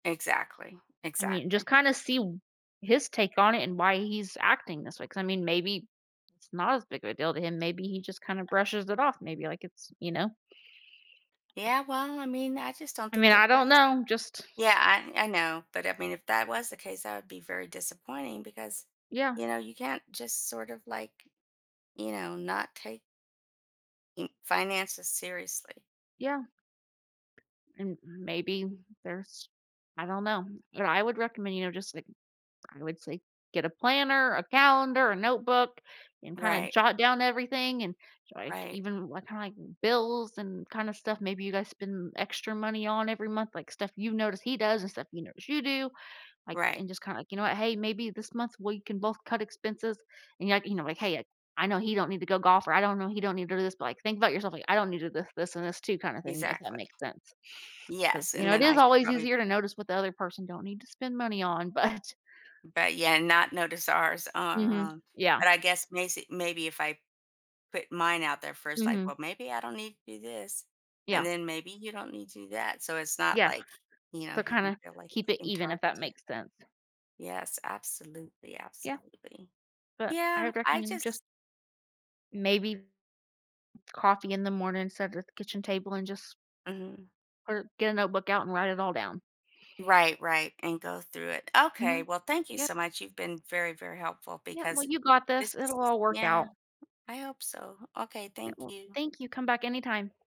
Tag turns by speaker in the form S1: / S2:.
S1: Exactly,
S2: I mean, just
S1: exactly.
S2: kinda see w his take on it and why he's acting this way 'cause, I mean, maybe it's not as big of a deal to him. Maybe he just kinda brushes it off. Maybe, like, it's you know?
S1: Yeah, well, I mean, I just don't
S2: I
S1: think
S2: mean,
S1: that
S2: I don't
S1: that's
S2: know. Just
S1: Yeah, I I know, but, I mean, if that was the case that would be very disappointing because,
S2: Yeah.
S1: you know, you can't just sort of, like, you know, not take n finances seriously.
S2: Yeah. And maybe there's I don't know. What I would recommend, you know, just the, like, I would say, get a planner, a calendar, a notebook, and kinda
S1: Right.
S2: jot down everything and, like,
S1: Right.
S2: even what kinda, like, bills and kinda stuff maybe you guys spend extra money on every month, like, stuff you've noticed he does and stuff you notice you do, like,
S1: Right.
S2: and just kinda, like, "You know what, hey, maybe this month, we can both cut expenses," and, you know, like, "Hey, I know he don't need to go golf," or, I don't know, "He don't need to do this." But, like, think about yourself, like, "I don't need to do this, this and this too," kinda thing, if that
S1: Exactly.
S2: makes sense 'cause,
S1: Yes,
S2: you
S1: and
S2: know, it
S1: then I
S2: is
S1: should
S2: always
S1: probably
S2: easier to notice what the other person don't need to spend money on, but
S1: M but, yeah, not notice ours are,
S2: Mhm.
S1: uh
S2: Yeah.
S1: but I guess macy maybe if I put mine out there first, I
S2: Mhm.
S1: "Well maybe I don't need to do this, and
S2: Yeah.
S1: then maybe you don't need to do that." So, it's not,
S2: Yeah.
S1: like, you know,
S2: So,
S1: he can
S2: kinda
S1: feel, like,
S2: keep
S1: he's
S2: it
S1: being
S2: even if that
S1: targeted.
S2: makes sense.
S1: Yes, absolutely,
S2: Yeah.
S1: absolutely.
S2: But I
S1: Yeah,
S2: would
S1: I
S2: recommend just
S1: just
S2: maybe coffee in the morning, instead of the kitchen table and just
S1: Mhm.
S2: or get a notebook out and write it all down.
S1: Right, right, and go through it. Okay,
S2: Mhm.
S1: well thank you
S2: Yep.
S1: so much. You've been very, very helpful
S2: Yep. Well,
S1: because
S2: you got
S1: this
S2: this.
S1: is
S2: It'll all work
S1: Yeah,
S2: out.
S1: I hope so. Okay,
S2: Yep.
S1: thank
S2: Well,
S1: you.
S2: thank you. Come back anytime.